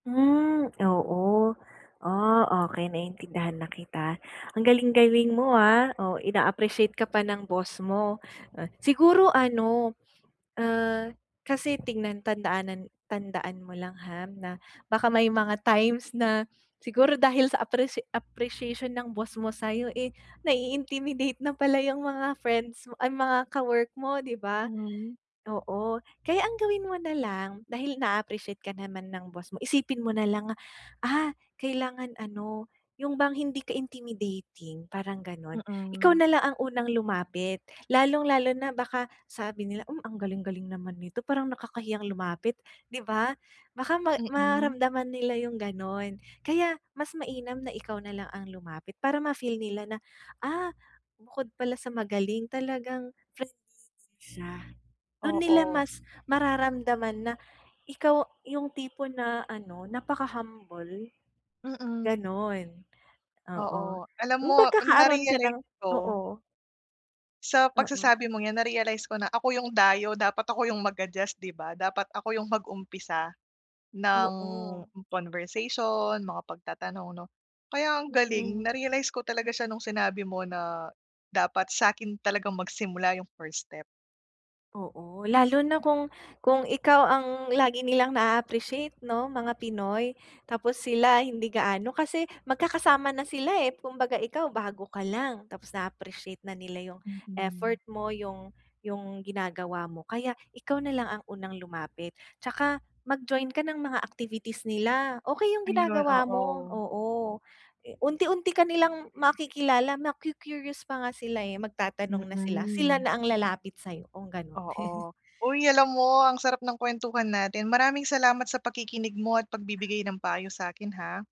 Hmm, oo. Ah, okey, naintindihan na kita. Ang galing-galing mo, ah. Oh, ina-appreciate ka pa ng boss mo. Siguro ano, ah, kasi tignan tandaanan tandaan mo lang, ha, na baka may mga times na siguro dahil sa apprecia appreciation ng boss mo sa'yo, eh, nai-intimidate na pala yung mga friends mo, ay, mga ka-work mo, di ba? Mhm. Oo, kaya ang gawin mo na lang, dahil na-a-appreciate ka naman ng boss mo, isipin mo na lang, ah, kailangan ano, yung bang hindi ka intimidating, parang gano'n. Ikaw Mm. na lang ang unang lumapit lalong lalo na baka sabi nila, "Hmm, ang galing-galing naman nito, parang nakakahiyang lumapit," di ba? Baka ma Mm. maramdaman nila yung gano'n, kaya mas mainam na ikaw na lang ang lumapit para ma feel nila na, "Ah, bukod pala sa magaling, talagang friendly din siya." Dun nila Oo. mas mararamdaman na ikaw yung tipo na ano, napa-kahumble, Mm. gano'n. Oo. Oo. Alam Yung mo, magkakaroon ka ng narealize ko oo. sa Oo. pagsasabi mong 'yan, na-realize ko na ako yung dayo, dapat ako yung mag-adjust, di ba? Dapat ako yung mag-umpisa ng Oo. conversation, mga pagtatanong 'no. Kaya ang galing, Mm. na-realize ko talaga siya nung sinabi mo na dapat sa'kin talagang magsimula yung first step. Oo, lalo na kung kung ikaw ang lagi nilang na-a-appreciate 'no, mga Pinoy. Tapos sila hindi gaano kasi magkakasama na sila, eh, kumbaga ikaw bago ka lang, tapos na-a-appreciate na nila yung Mm. effort mo, yung yung ginagawa mo, kaya ikaw na lang ang unang lumapit. Tsaka mag-join ka ng mga activities nila. Okey yung Ayun, ginagawa mo, oo. oo, unti-unti ka nilang makikilala, maku-curious pa nga sila, eh, magtatanong na sila. Sila Mm. na ang lalapit sa'yo kung ganun. Oo. Uy, alam mo ang sarap ng kuwentuhan natin. Maraming salamat sa pakikinig mo at pagbibigay ng payo sa'kin, ha.